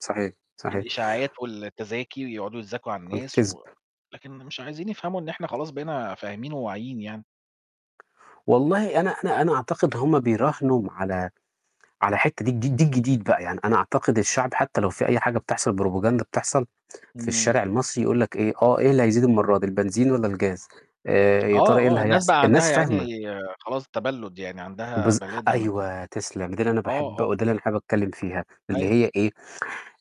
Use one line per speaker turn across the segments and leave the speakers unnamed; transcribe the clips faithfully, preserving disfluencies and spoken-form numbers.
صحيح، صحيح.
الإشاعات والتذاكي ويقعدوا يتذاكم على الناس
والكذب.
و لكن مش عايزين يفهموا إن إحنا خلاص بقينا فاهمين وواعيين يعني.
والله أنا أنا أنا أعتقد هم بيراهنوا على على حتّة ده الج ده الجديد دي بقى، يعني أنا أعتقد الشعب حتى لو في أي حاجة بتحصل propaganda بتحصل في
إمم.
الشارع المصري يقول لك إيه "آه، إيه اللي هيزيد المرّة دي البنزين والّا الجاز آآ يا
آه،
ترى إيه اللي
آه، الناس
هيحصل؟"
بقى عندها
الناس
يا عيني
فاهمة.
خلاص تَبَلُد، يعني عندها
بالظ
بلادة من
أيوه تسلم، ده اللي أنا
آه،
باحب
آه.
وده اللي أنا حابب أتكلّم فيها، اللي
أيوه.
هي إيه،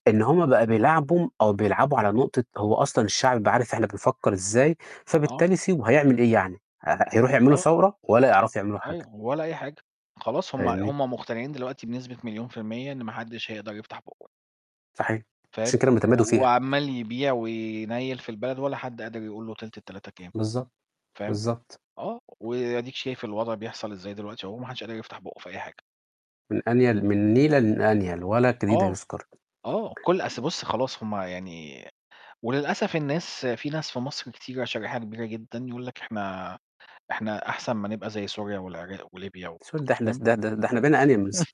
إن هم بقى بيلاعبوا أو بيلعبوا على نقطة هو أصلًا الشعب بقى عارف إحنا بنفكّر إزاي،
آه.
فبالتالي سيبه هيعمل إيه يعني، ه ه هيروحوا يعملوا
آه.
ثورة؟! ولا يعرفوا يعملوا حاجة.
أيوه، ولا أي حاجة، خلاص هم
فاهمني؟
هم مقطنعين دلوقتي بنسبة مليون في المِيّة إن ما حدش هيقدر يفتح بُقّه.
صحيح، عشان
فاهم،
كده هم
و
تمادوا فيها.
وعَمّال يبيع وينيّل في البلد ولا حد قادر يقول له تِلت التلاتة كام،
بالضبط.
فاهم،
بالضبط.
آه. وأديك شايف الوضع بيحصل إزاي دلوقتي أهو ما حدش قادر يفتح بُقّه في أي حاجة.
من أنيل من نيلة للأنيل ولا الجنيه ده
آه.
يُذكر.
آه، كل أصل بُص، خلاص هم يعني وللأسف الناس في ناس في مصر كتيرة شريحة كبيرة جدًا يقول لك: "إحنا إحنا أحسن ما نبقى زي سوريا والعراق وليبيا و"
سوت ده إحنا س
فاهم،
ده ده ده إحنا بقينى أنيل مس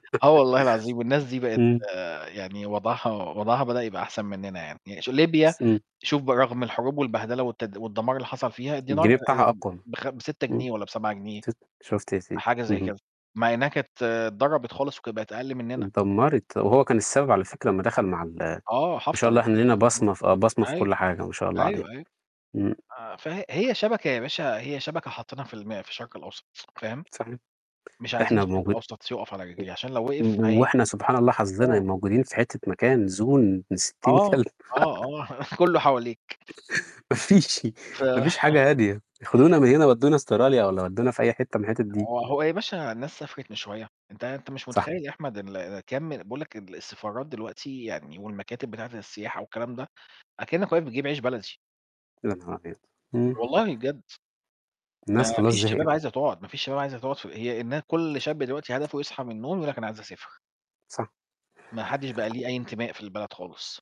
آه والله العظيم والناس دي بقت
إمم.
يعني وضعها وضعها بدأ يبقى أحسن مننا يعني. ش ليبيا
إمم.
شوف برغم الحروب والبهدلة والتد والدَمار اللي حصل فيها الدينار ب
الجنيه بتاعها
آمم
أقوى م
بخم بسِتة
إمم،
جنيه والّا بسَبعة جنيه،
ت شُفت يا سيدي،
حاجة زي
اهم.
كده مع إنّها كانت اتضربت خالص وكانت بقت أقل منّنا.
اتدمّرت، وهو كان السبب على فكرة أمّا دخل مع ال ما
آه، حَفتَر
شاء الله
ابن
إحنا لينا
اللذينه ده.
بصمة في آه، بصمة في
أيوه.
كل حاجة ما شاء الله علينا،
أيوه، أيوه.
إمم.
آآ فهي شبكة يا باشا هي شبكة حاطّينها في الم في الشرق الأوسط س فاهم؟
صحيح،
مش عايزين
إحنا
الشرق
موجود
الأوسط يُقف على رجليه عشان لو وقف
إمم،
هي
وإحنا سبحان الله حظّنا
آه.
موجودين في حتّة مكان زون ابن ستين
آه،
كلب.
آه، آه، كلّه حواليك.
ما فيش
ف
ما فيش حاجة هادية، خدونا من هنا ودّونا أستراليا والّا ودّونا في أي حتّة من الحتت دي.
هو هو يا باشا الناس سافرت من شوية، أنت أنت مش
صح.
متخيّل يا أحمد اللي كام بيقول لك ال السفارات دلوقتي يعني والمكاتب بتاعة السياحة والكلام ده أكنّك واقف بتجيب عيش بلدي.
يا نهار [unintelligible] إمم.
والله بجد. ما
الناس خلاص
فيش شباب
زهقت.
عايزة تقعُد، ما فيش شباب عايزة تقعُد ف هي النا كل شاب دلوقتي هدفه يصحي من النوم يقول لك أنا عايز أسافر.
صح.
ما حدش بقى ليه أي انتماء في البلد خالص.